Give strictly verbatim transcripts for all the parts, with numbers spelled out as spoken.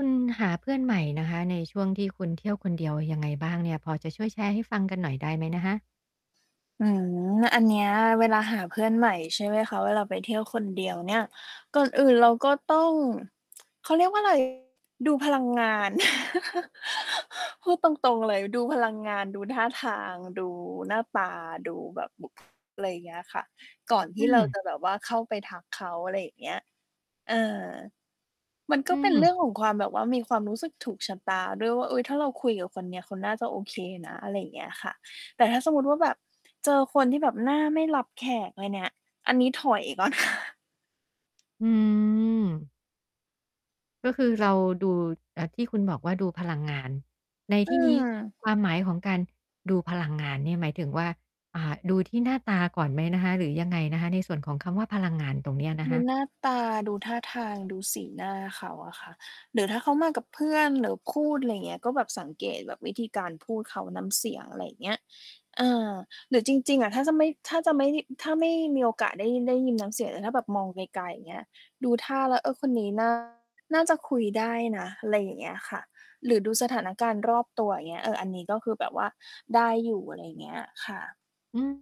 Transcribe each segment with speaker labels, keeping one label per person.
Speaker 1: คุณหาเพื่อนใหม่นะคะในช่วงที่คุณเที่ยวคนเดียวยังไงบ้างเนี่ย พอจะช่วยแชร์ให้ฟังกันหน่อยได้ไหมนะคะ?
Speaker 2: อืม อันเนี้ยเวลาหาเพื่อนใหม่ ใช่ไหมคะ เวลาไปเที่ยวคนเดียวเนี่ย ก่อนอื่นเราก็ต้อง เขาเรียกว่า ไร ดูพลังงาน พูดตรง ๆ เลย ดูพลังงาน ดูท่าทาง ดู หน้าตา ดูแบบบุค อะไร เงี้ยค่ะ ก่อนท
Speaker 1: อื
Speaker 2: ี่เรา
Speaker 1: ม
Speaker 2: จะแบบว่าเข้าไปทักเขา อะไรอย่างเงี้ย เออ มันก
Speaker 1: อื
Speaker 2: ็เป็นเรื
Speaker 1: ม
Speaker 2: ่องของความแบบว่ามีความรู้สึกถูกชะตาด้วยว่า "เฮ้ย! ถ้าเราคุยกับคนเนี้ย เขาน่าจะโอเคนะ" อะไรอย่างเงี้ยค่ะ แต่ถ้าสมมุติว่าแบบ เจอคนที่แบบหน้าไม่รับแขกเลยเนี่ย อันนี้ถอย ก่อนค่ะ
Speaker 1: อืม ก็คือ เราดู อ่า ที่คุณบอกว่าดูพลังงาน ใน
Speaker 2: อ
Speaker 1: ท
Speaker 2: ื
Speaker 1: ี่นี้
Speaker 2: ม
Speaker 1: ความหมายของการดูพลังงานเนี่ย หมายถึงว่า อ่า ดูที่หน้าตาก่อนไหมนะคะ หรือยังไงนะคะ ในส่วนของคำว่าพลังงานตรงเนี้ยน
Speaker 2: ด
Speaker 1: ะค
Speaker 2: ู
Speaker 1: ะ?
Speaker 2: หน้าตา ดูท่าทาง ดูสีหน้าเขาอะค่ะ หรือถ้าเขามากับเพื่อน หรือคูด ไรเงี้ย ก็แบบสังเกตแบบวิธีการพูดเขา น้ำเสียง อะไรเงี้ย อา หรือจริง ๆ อะ ถ้าจะไม่ ถ้าจะไม่ได้ ถ้าไม่ มีโอกาสได้ยิน ได้ยิน น้ำเสียง แต่ถ้าแบบมองไกล ๆ อย่างเงี้ย ดูท่าแล้ว "เออ คนนี้ น่า จะคุยได้นะ" อะไรอย่างเงี้ยค่ะ หรือดูสถานการณ์รอบตัว อย่างเงี้ย เออ อันนี้ก็คือแบบว่าได้อยู่ อะไรอย่างเงี้ย ค่ะ
Speaker 1: อืม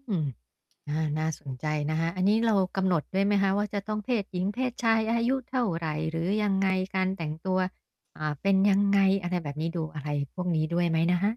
Speaker 1: อา น่าสนใจนะคะ อันนี้เรากำหนดด้วยไหมคะว่า จะต้องเพศหญิง เพศชาย อายุเท่าไร หรือยัง ไง การแต่งตัว อ่า เป็น ยังไง อะไรแบบนี้ ดูอะไรพวกนี้ด้วยไหมนะคะ?